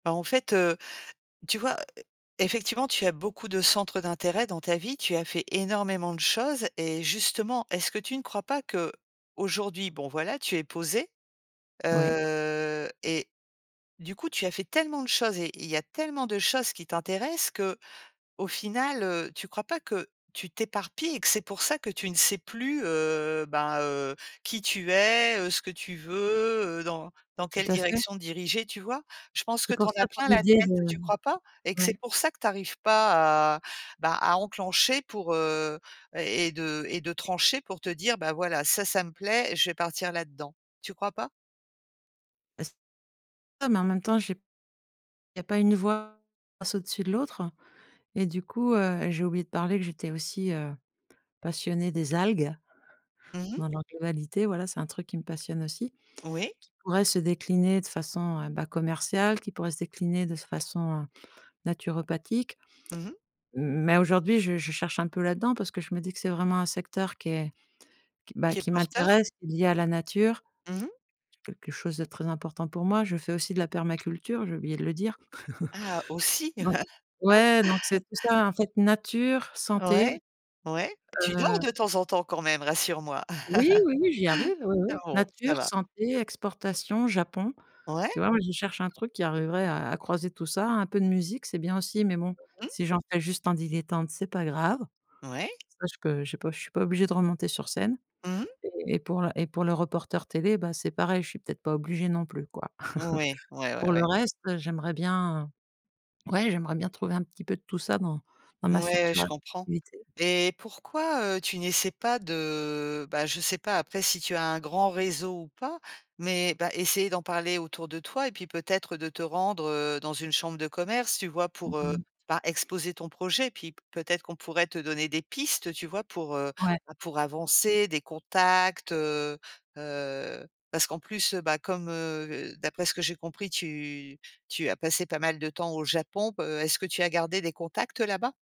Bah, en fait, heu, tu vois, effectivement, tu as beaucoup de centres d'intérêt dans ta vie, tu as fait énormément de choses. Et justement, est-ce que tu ne crois pas qu'aujourd'hui bon, voilà, tu es posée, Oui. heu et du coup, tu as fait tellement de choses et il y a tellement de choses qui t'intéressent que, au final, heu, tu crois pas que tu t'éparpilles et que c'est pour ça que tu ne sais plus, heu, ben heu, qui tu es, heu, ce que tu veux eux, dans dans Tout quelle à fait. direction diriger, tu vois? Je pense que C'est tu pour en as ça quand plein la l'idée tête, de tu crois pas? Et que c'est ouais. pour ça que tu arrives pas à, bah, à enclencher pour, heu et et de et de trancher pour te dire: «Bah voilà, ça ça me plaît, je vais partir là-dedans». Tu crois pas? Est-ce non, mais en même temps, j'ai il y pas une voix passe au-dessus de l'autre. Et du coup, heu, j'ai oublié de parler que j'étais aussi, heu, passionnée des algues, Mmh mh. dans leur globalité. Voilà, c'est un truc qui me passionne aussi, Oui. qui pourrait se décliner de façon, heu, ben, commerciale, qui pourrait se décliner de façon naturopathique. Mmh mh. Mais aujourd'hui, je je cherche un peu là-dedans parce que je me dis que c'est vraiment un secteur qui est qui est, ben, Qui est qui porteur. m'intéresse, qui est lié à la nature Mmh mh. quelque chose de très important pour moi, je fais aussi de la permaculture, j'ai oublié de le dire. Ah, aussi! Ouais, donc c'est tout ça, en fait: nature, santé, Ouais, ouais. Tu dors heu de temps en temps quand même? Rassure-moi. Oui oui, j'y arrive, oui oui. Ah bon, ça Nature, va. santé, exportation, Japon. Ouais. Tu vois, moi, qui cherche un truc qui arriverait à à croiser tout ça. Un peu de musique, c'est bien aussi, mais bon, Mmh. si j'en fais juste en dilettante, c'est pas grave. Ouais. Ça, je peux je peux je suis pas obligée de remonter sur scène. Mmh mh. Et pour le et pour le reporter télé, ben, c'est pareil, je suis peut-être pas obligée non plus, quoi. Oui. Ouais, Pour ouais, le ouais. reste, j'aimerais bien, ouais, j'aimerais bien trouver un petit peu de tout ça dans dans ma Ouais, future je comprends. activité. Et pourquoi, heu, tu n'essaies pas de, bah, je sais pas après si tu as un grand réseau ou pas, mais, bah, essayer d'en parler autour de toi et puis, peut-être, de te rendre, heu, dans une chambre de commerce, tu vois? Mmh Pour, heu, mh. ben, exposer ton projet, puis peut-être qu'on pourrait te donner des pistes, tu vois? Pour heu, Ouais. pour avancer, des contacts, heu heu parce qu'en plus, heu, bah, comme, heu, d'après ce que j'ai compris, tu tu as passé pas mal de temps au Japon. Heu, est-ce que tu as gardé des contacts là-bas?